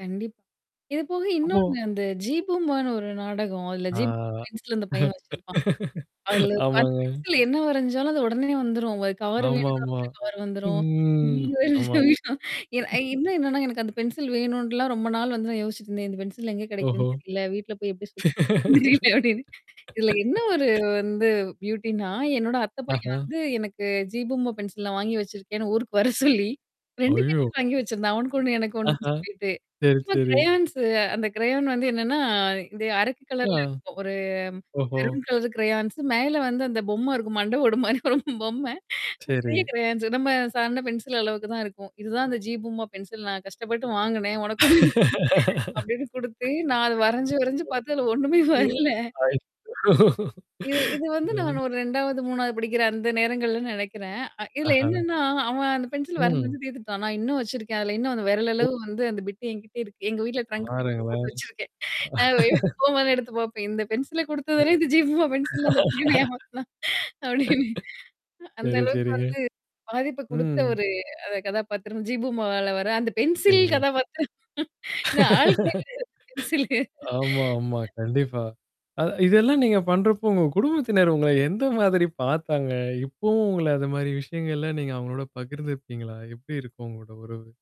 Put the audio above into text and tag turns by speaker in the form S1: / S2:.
S1: கண்டிப் இது போக
S2: அப்போ
S1: இன்னொன்னு, அந்த ஜீ பூம்பான்னு ஒரு நாடகம். அதுல
S2: ஆ,
S1: ஜீ பூம்பா பென்சில் அந்தப் பையன் வச்சிருப்பான். அதுல அந்த
S2: ஆமாங்க.
S1: பென்சில்ல என்ன வரைஞ்சாலும் அது உடனே வந்துரும். ஒரு கவர் வேணும்னு
S2: ஆமாம்மா.
S1: வரஞ்சா கவர் வந்துரும்.
S2: ம், ஆமா.
S1: அ இன்னும் என்னான்னா, எனக்கு அந்த பென்சில் வேணும்ன்ட்டுலாம் ரொம்ப நாள் வந்து நான் யோசிச்சுட்டு இருந்தேன். இந்த பென்சில் எங்க
S2: ஓஹோ.
S1: கெடைக்கும்ன்னு தெரியல. வீட்டுல போய் எப்படி சொல்லு தெரில அப்டின்னு. இதுல என்னா ஒரு வந்து பியூட்டின்னா, என்னோட அத்த பையன்
S2: ஆஹா.
S1: வந்து, எனக்கு ஜீ பூம்பா பென்சில் வாங்கி வச்சிருக்கேன்னு, ஊருக்கு வரச் சொல்லி 2
S2: ஐயோ!
S1: பென்சில் வாங்கி வச்சிருந்தான். அவனுக்கு 1 எனக்கு 1ன்னு
S2: ஆஹா.
S1: சொல்லிட்டு.
S2: சரி,
S1: சும்மா
S2: சரி.
S1: க்ரயான்ஸு அந்த க்ரயான் வந்து என்னான்னா, இது அரக்கு
S2: அ,
S1: கலர்ல இருக்கும். ஒரு
S2: ஓஹோ.
S1: மெரூன் கலர் க்ரயான்ஸு மேல வந்து அந்தப் பொம்மை இருக்கும். மண்டை ஓடு மாரி ஒரு பொம்மை. பெரிய
S2: சரி.
S1: க்ரெயான்ஸு நம்ம சாதாரண பென்சில் அளவுக்குதான் இருக்கும். இதுதான் அந்த ஜீ பூம்பா பென்சில் நான் கஷ்டப்பட்டு வாங்குனேன். உனக்கு 1 எனக்கு 1 அப்டின்னு குடுத்து, நான் அத வரஞ்சு, வரஞ்சு பாத்து அதுல ஒண்ணுமே வரலை! இது இது வந்து நான்
S2: [unintelligible]
S1: ஒரு 2வது, 3வது படிக்கிற அந்த நேரங்கள்ல நெனைக்கிறேன். அ இதுல
S2: அஹா.
S1: என்னான்னா, அவன், அந்த பென்சில வரஞ்சு
S2: ம்.
S1: வரஞ்சு தீத்துட்டான். நான் இன்னும் வச்சிருக்கேன். அதுல இன்னும் அந்த விரல்
S2: ஒ
S1: அளவு வந்து அந்தப் பிட்டு என்கிட்ட இருக்கு. எங்க வீட்டுல ட்ரங்க்கு பெட்டியில போட்டு
S2: பாருங்களேன்!
S1: வச்சிருக்கேன். நான் போம்போதெல்லாம் எடுத்துப் பாப்பேன். "இந்தப் பென்சில
S2: ம்,
S1: குடுத்ததானே இந்த ஜீ பூம்பா பென்சில்ன்னு அந்தப் பையன் என்ன ஏமாத்துனான்?" அப்டின்னு அ அந்த
S2: சரி,
S1: அளவுக்கு
S2: சரிங்க.
S1: வந்து, பாதிப்ப குடுத்த
S2: ம்.
S1: ஒரு, அந்த கதாபாத்திரம் ஜீ பூம்பால வர்ற அந்த பென்சில்
S2: சரிங்க.
S1: கதாபாத்திரம். இந்த ஆள் [unintelligible] பென்சில்.
S2: ஆமா, ஆமா. கண்டிப்பா. அதா இதெல்லாம் நீங்கப் பண்றப்போ, உங்க குடும்பத்தினர் உங்கள எந்த மாதிரி பாத்தாங்க? இப்பவும் உங்கள அந்த மாரி விஷயங்கள் எல்லாம் நீங்க அவங்களோட பகிர்ந்துக்குவீங்களா? எப்டி இருக்கும் உங்களோட உறவு?